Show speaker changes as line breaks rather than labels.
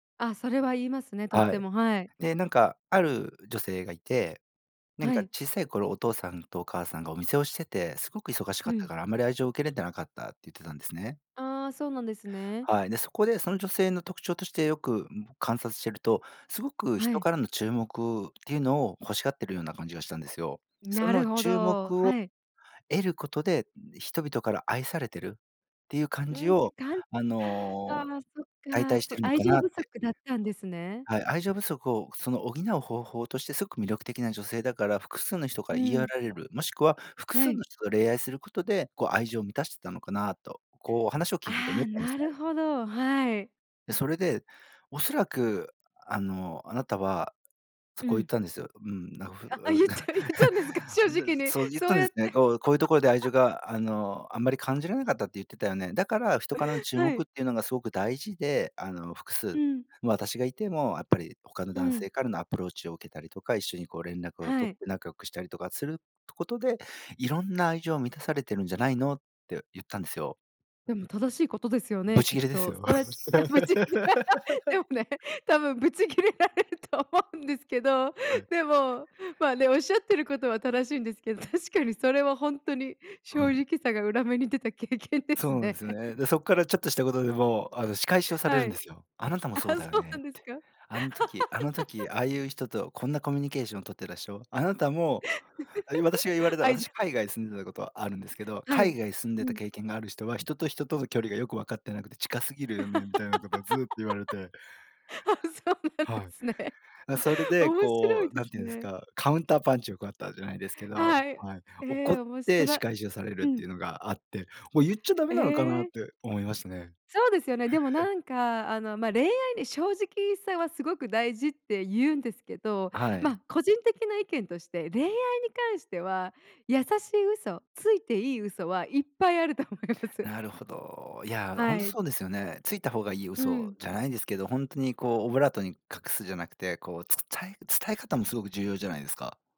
あ、それは言いますね、とっ
は
て
い。
も、はい。
で、なんか、ある女性がいて、なん
は
か、
い。
小さい頃お父さんとお母さんがお店をしててすごく忙しか
う
った
ん。
から、あんまり愛情を受けれてなかったって言ってたんですね。
ああ、そうなんですね。
はい、で、そこで、その女性の特徴として、よく、ん、観察してると、すごく
は
人
い。
からの注目っていうのを欲しがってるような感じがしたんですよ。そ
な
の
るほ
注
ど、
目を
はい。
得ることで、ん、人々から愛されてるっていう感
うー
じ
ん、し
を、
かん
あの、
あ
お、
あ、そっ
代
か、
替して
そ、
いるの
愛
か
情
なっ
不
て。
足だったんですね。
はい、愛情不足を、その、補う方法として、すごく魅力的な女性だから、複数の人か
う
ら言い寄
ー
ら
ん。
れる、もしくは複
は
数
い。
の人と恋愛することで、こう、愛情満たしてたのかなと、こう、話を聞いてて
あ
思っ
あ、
たんです
なる
ね。
ほど、はい。
で、それで、「おそらく、あの、あなたは」そ、
う
こう言っ
ん。
たんですよ。うん、な、ふう
ああ、
うん、
ゆっちゃゆったんですか、正
んで、
直に、
そう、ゆっ
そ
た
う
んで
やっ
す
て。
ね、「こうこういうところで愛情 が、あの、あんまり感じられなかったって言ってたよね。だから人からの注
は
目
い。
っていうのがすごく大事で、あの、複
う
数、
ん。
ま、私がいてもやっぱり他の
う
男
ん。
性からのアプローチを受けたりとか、一緒に、こう、連絡を
は
取
い。
って仲良くしたりとかするとことで、いろんな愛情を満たされてるんじゃないの？」ってゆったんですよ。
でも、正しいことですよ
ぶ
ね、
ち
きっ
切れです
と。そ
よ。
うやっあ、ぶち切れ で もね、多分ぶち切れられると思うんですけど。
はい。
でも、まあ、ね、おっしゃってることは正しいんですけど、確かにそれはほんとに、
は
正
い。
直さが裏目に出た経験で
そ
す
うなんで
ね。
す ね。で、そっからちょっとしたことでも、あの、仕返しをされ
は
るんで
い。
すよ。「あなたも
あ、
そうだよ
そう
ね」
な
っ
んです
て。
か？
「あん時、あの時、ああゆう人と、こんなコミュニケーション取ってらしょ、あなたも」あ、ゆう私が言われ た
愛
私、
情。
海外住んでたことあるんですけど、
はい。
「海外住ん
う
でた
ん。
経験がある人は、人と人との距離がよく分かってなくて近すぎる よね」みたいなことをずっと言われて。
あ、そうなんで
はい。
すね。
な、それで、
面白
こ
い
う、
で
なん
す
ていうんです
ね。
か、カウンターパンチをくらったじゃないですけど、
はい、
はい。
え
怒っ
え、おもしと
て仕
ら
返しをされる
う
ってい
ん。
うのがあって。もう、ゆっちゃダメ
え
なのかなっ
え。
て思いましたね。
そうですよね。でも、なんか、あの、ま、恋愛に正直さはすごく大事ってゆうんですけど、
あ、はい。
ま、個人的な意見として、恋愛に関しては、優しい嘘、ついていい嘘はいっぱいあると思います。
なるほど。いや、ほん
は
と、
い。
そうですよね。ついた方がいい
うー
嘘
ん。
じゃないですけど、ほんとに、こう、オブラートに隠すじゃなくて、こう、伝え伝え方もすごく重要じゃないですか。